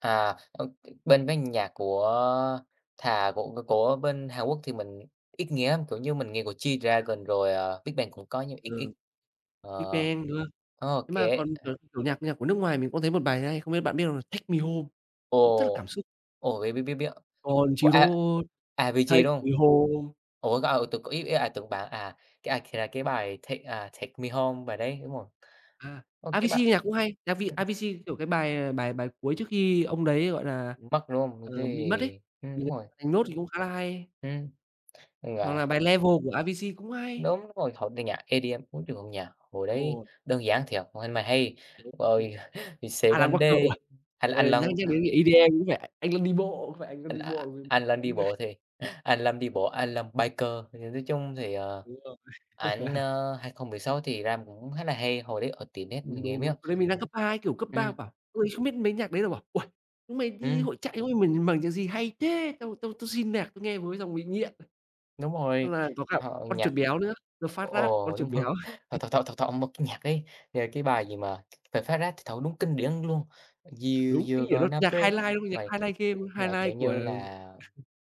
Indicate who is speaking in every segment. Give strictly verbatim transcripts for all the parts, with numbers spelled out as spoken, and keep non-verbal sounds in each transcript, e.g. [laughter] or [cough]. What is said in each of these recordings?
Speaker 1: À, ơ, t bên mấy nhạc của thà của của của bên Hàn Quốc thì mình ít nghe lắm, kiểu như, mình nghe của
Speaker 2: Ờ.
Speaker 1: G-Dragon, rồi, ờ, Big Bang cũng có nhưng ít
Speaker 2: Ừ,
Speaker 1: ít, ờ.
Speaker 2: BigBang, đúng hông?
Speaker 1: Ô
Speaker 2: Thế mà
Speaker 1: kê,
Speaker 2: còn,
Speaker 1: ờ.
Speaker 2: kiểu kiểu, nhạc nhạc của nước ngoài mình có thấy một bài hay, không biết bạn biết hông? Là "Take me home", cũng rất là
Speaker 1: Ồ,
Speaker 2: cảm xúc.
Speaker 1: ồ, biết, biết, biết, biết của
Speaker 2: Country
Speaker 1: A
Speaker 2: roads,
Speaker 1: Avicii,
Speaker 2: take
Speaker 1: đúng hông?
Speaker 2: me home.
Speaker 1: Ủa, cái, ờ, tưởng c ý ý là tưởng bạn à, cái, à, kh là, cái bài Take à, "Take Me Home", bài đấy, đúng rồi.
Speaker 2: À,
Speaker 1: Ơ, cái bà
Speaker 2: Avicii nhạc cũng hay, Avi Avicii, kiểu, cái bài bài bài cuối trước khi ông đấy, gọi là,
Speaker 1: Mất, đúng hông? Đ
Speaker 2: ờ, bị mất ấy,
Speaker 1: đấy, ưm,
Speaker 2: thì
Speaker 1: đúng rồi.
Speaker 2: bài "Note" thì cũng khá là hay.
Speaker 1: Ừm,
Speaker 2: Hoặc
Speaker 1: là
Speaker 2: là bài "Levels" của Avicii cũng hay.
Speaker 1: Đúng rồi, hoặc là nhạc EDM, ối trời ơi, nhạc hồi
Speaker 2: Đúng
Speaker 1: đấy,
Speaker 2: rồi.
Speaker 1: đơn giản thiệt, ôi hay mà hay, rồi, "He Said One
Speaker 2: Alan Walker
Speaker 1: Day"
Speaker 2: uầy,
Speaker 1: hay là
Speaker 2: à
Speaker 1: Alan
Speaker 2: nhắc nhắc
Speaker 1: Walker.
Speaker 2: đến EDM cũng phải Anh Luân đi bộ, có phải Anh Luân đi
Speaker 1: A
Speaker 2: bộ
Speaker 1: Alan đi
Speaker 2: [unintelligible]
Speaker 1: bộ thì, Alan đi bộ, Alan biker. Thì, à, nói chung thì, ờ,
Speaker 2: Đúng rồi.
Speaker 1: ảnh,
Speaker 2: [laughs]
Speaker 1: ờ, hai không mười sáu thì làm cũng khá là hay, hồi đấy ở tiệm net mình
Speaker 2: Đúng,
Speaker 1: nghe
Speaker 2: đúng, đúng.
Speaker 1: miết.
Speaker 2: Hồi đấy mình đang cấp hai, kiểu, cấp
Speaker 1: Ừm.
Speaker 2: ba bảo: "Ôi, không biết mấy nhạc đấy", là bảo "Uầy, chúng mày đi
Speaker 1: Ừm.
Speaker 2: hội trại chúng mày mở nh mở nhạc gì hay thế? Tao tao xin nhạc, tao nghe [unintelligible] xong bị nghiện."
Speaker 1: Đúng
Speaker 2: Tức
Speaker 1: rồi,
Speaker 2: là có cả
Speaker 1: ờ,
Speaker 2: con
Speaker 1: nhạc,
Speaker 2: chuột béo nữa, The Fat Rat, con
Speaker 1: ồ,
Speaker 2: chuột
Speaker 1: đúng rồi.
Speaker 2: béo.
Speaker 1: Thọ thọ
Speaker 2: [laughs]
Speaker 1: thọ thọ một cái nhạc ấy, rồi cái bài gì mà "The Fat Rat" trời ơi, đúng kinh điển luôn. "You
Speaker 2: Đúng,
Speaker 1: you
Speaker 2: cái kiểu nó,
Speaker 1: gonna
Speaker 2: nhạc
Speaker 1: break
Speaker 2: highlight, luôn, nhạc
Speaker 1: my"
Speaker 2: highlight game
Speaker 1: mà, kiểu
Speaker 2: highlight của
Speaker 1: như là,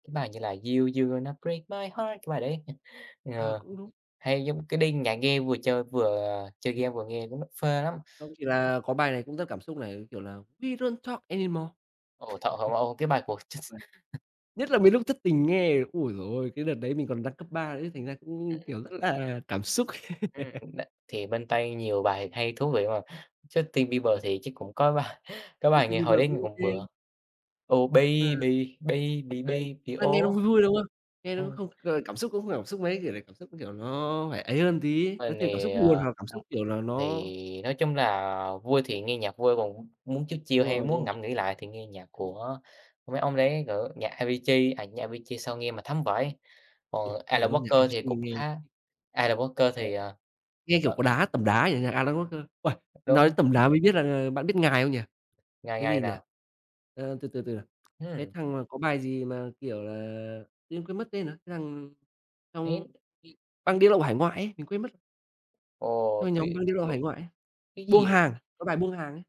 Speaker 1: cái bài như là "You you gonna break my heart," cái bài đấy, [laughs]
Speaker 2: À,
Speaker 1: ờ,
Speaker 2: cũng đúng.
Speaker 1: hay giống cái đi nhạc nghe vừa chơi vừa chơi game vừa nghe, đúng nó phê lắm.
Speaker 2: Không chỉ là có bài này cũng rất cảm xúc này, kiểu là, "We don't talk anymore," [laughs]
Speaker 1: Ờ, tr trời ơi, cái bài của Jus
Speaker 2: vâng. Nhất là mấy lúc thất tình nghe, ôi giời ôi, cái đợt đấy mình còn đang cấp ba đấy thành ra cũng, kiểu, rất là cảm xúc.
Speaker 1: Ừm,
Speaker 2: [laughs]
Speaker 1: đ thì bên Tây, nhiều bài hay, thú vị mà, Justin
Speaker 2: Đúng
Speaker 1: Bieber
Speaker 2: rồi.
Speaker 1: thì chứ cũng có bài có bài
Speaker 2: Justin
Speaker 1: nghe hồi
Speaker 2: Bieber
Speaker 1: đấy nghe
Speaker 2: cũng
Speaker 1: cũng bựa
Speaker 2: OK.
Speaker 1: "Oh baby,
Speaker 2: [unintelligible]
Speaker 1: baby
Speaker 2: Đấy,
Speaker 1: baby,
Speaker 2: ơ, nghe nó
Speaker 1: oh,"
Speaker 2: vui vui, đúng không? Nghe nó cũng
Speaker 1: ừm.
Speaker 2: không, gọi là, cảm xúc cũng không cảm xúc mấy, kiểu là, cảm xúc, nó kiểu, nó phải ấy hơn tí, nó
Speaker 1: Mình
Speaker 2: thêm cảm xúc
Speaker 1: thì,
Speaker 2: buồn
Speaker 1: ờ,
Speaker 2: hoặc là cảm
Speaker 1: ừm,
Speaker 2: xúc, kiểu là, nó
Speaker 1: thì nói chung là vui thì nghe nhạc vui, còn m muốn chill chill
Speaker 2: Đúng
Speaker 1: hay
Speaker 2: rồi, đúng
Speaker 1: muốn
Speaker 2: rồi.
Speaker 1: ngẫm nghĩ lại thì nghe nhạc của mấy ông đấy, kiểu, nhạc Avicii, à, nhạc Avicii sao nghe mà thấm
Speaker 2: Ừm.
Speaker 1: vãi,
Speaker 2: Ồ,
Speaker 1: ồ,
Speaker 2: thề
Speaker 1: Alan
Speaker 2: luôn nhạc
Speaker 1: Walker thì
Speaker 2: Avicii
Speaker 1: cũng
Speaker 2: nghe
Speaker 1: khá
Speaker 2: nhì
Speaker 1: Alan Walker thì,
Speaker 2: [unintelligible]
Speaker 1: ờ,
Speaker 2: Nghe kiểu
Speaker 1: ờ.
Speaker 2: có đá tẩm đá vậy, nhạc Alan Walker uầy, nói đến
Speaker 1: Đúng.
Speaker 2: tẩm đá mới biết là bạn biết Ngài không nhỉ,
Speaker 1: Ngài
Speaker 2: cái
Speaker 1: ngài
Speaker 2: gì nhỉ?
Speaker 1: nào?
Speaker 2: Ờ, từ từ từ nào, cái
Speaker 1: Hừm.
Speaker 2: thằng mà có bài gì mà, kiểu là, tự nhiên quên mất tên rồi, cái thằng trong
Speaker 1: Đấy.
Speaker 2: [unintelligible] băng đĩa lậu hải ngoại ấy, mình quên mất.
Speaker 1: Ồ,
Speaker 2: Đó là nhóm
Speaker 1: thế
Speaker 2: băng đĩa lậu
Speaker 1: tưởng
Speaker 2: hải ngoại ấy
Speaker 1: cái
Speaker 2: "Buông
Speaker 1: gì
Speaker 2: Hàng", cái bài "Buông Hàng" ấy.